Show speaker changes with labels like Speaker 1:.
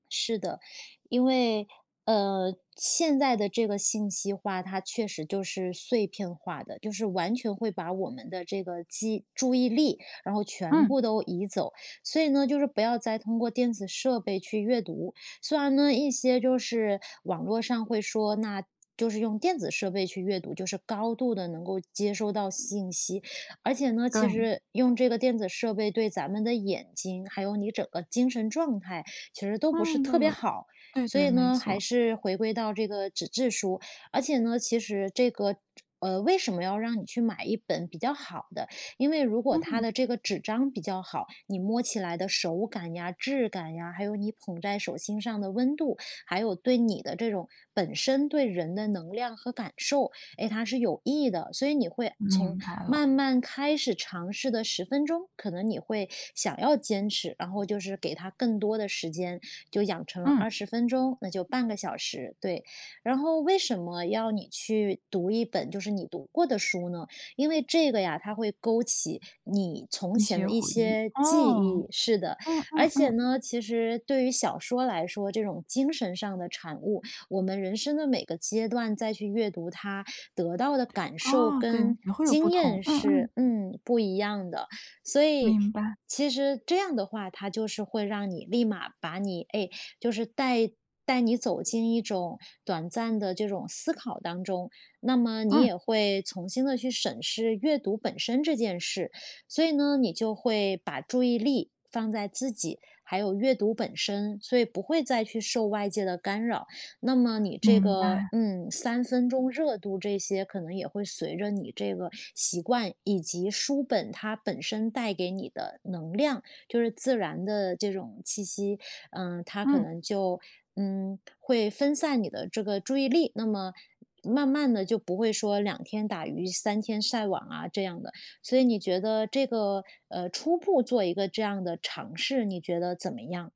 Speaker 1: 是的，因为呃，现在的这个信息化，它确实就是碎片化的，就是完全会把我们的这个记注意力，然后全
Speaker 2: 嗯。
Speaker 1: 部都移走，所以呢就是不要再通过电子设备去阅读。虽然呢一些就是网络上会说，那就是用电子设备去阅读，就是高度地能够接收到信息。而且呢，其
Speaker 2: 对。
Speaker 1: 实用这个电子设备对咱们的眼睛，还有你整个精神状态其实都不是
Speaker 2: 嗯，都
Speaker 1: 特别
Speaker 2: 有
Speaker 1: 好。
Speaker 2: 对，
Speaker 1: 所
Speaker 2: 对，
Speaker 1: 以
Speaker 2: 没
Speaker 1: 呢，还
Speaker 2: 错。
Speaker 1: 是回归到这个纸质书，而且呢，其实这个这呃，为什么要让你去买一本比较好的，因为如果它
Speaker 2: 嗯。
Speaker 1: 的这个纸张比较好，你摸起来的手感呀、质感呀，还有你捧在手心上的温度，还有对你的这种本身对人的能量和感受，哎，它是有益的。所以你会从
Speaker 2: 明白了。
Speaker 1: 慢慢开始尝试的10分钟，可能你会想要坚持，然后就是给它更多的时间，就养成了
Speaker 2: 嗯。
Speaker 1: 20分钟，那就半个小时，对。然后为什么要你去读一本就是你读过的书呢？因为这个呀，它会勾起你从
Speaker 2: 一
Speaker 1: 前的
Speaker 2: 些
Speaker 1: 一
Speaker 2: 回忆，
Speaker 1: 些记忆
Speaker 2: 哦，
Speaker 1: 是的。
Speaker 2: 嗯，
Speaker 1: 而
Speaker 2: 嗯，
Speaker 1: 且
Speaker 2: 嗯。
Speaker 1: 呢，其实对于小说来说，这种精神上的产物，我们人生的每个阶段再去阅读它，得到的感受
Speaker 2: 哦，对，
Speaker 1: 跟
Speaker 2: 也会有不
Speaker 1: 经验
Speaker 2: 同，嗯
Speaker 1: 是
Speaker 2: 嗯。
Speaker 1: 嗯，不一样的。所以，
Speaker 2: 明白。
Speaker 1: 其实这样的话，它就是会让你立马把你哎，就是带带你走进一种短暂的这种思考当中，那么你
Speaker 2: 嗯。
Speaker 1: 也会重新地去审视阅读本身这件事。所以呢，你就会把注意力放在自己，还有阅读本身，所以不会再去受外界的干扰。那么你这
Speaker 2: 明
Speaker 1: 个
Speaker 2: 白。
Speaker 1: 嗯，三分钟热度，这些可能也会随着你这个习惯，以及书本它本身带给你的能量，就是自然的这种气息，嗯，它可
Speaker 2: 嗯。
Speaker 1: 能就嗯，会分散你的这个注意力，那么慢慢地就不会说两天打鱼三天晒网啊这样的。所以你觉得这个呃，初步做一个这样的尝试，你觉得怎么样？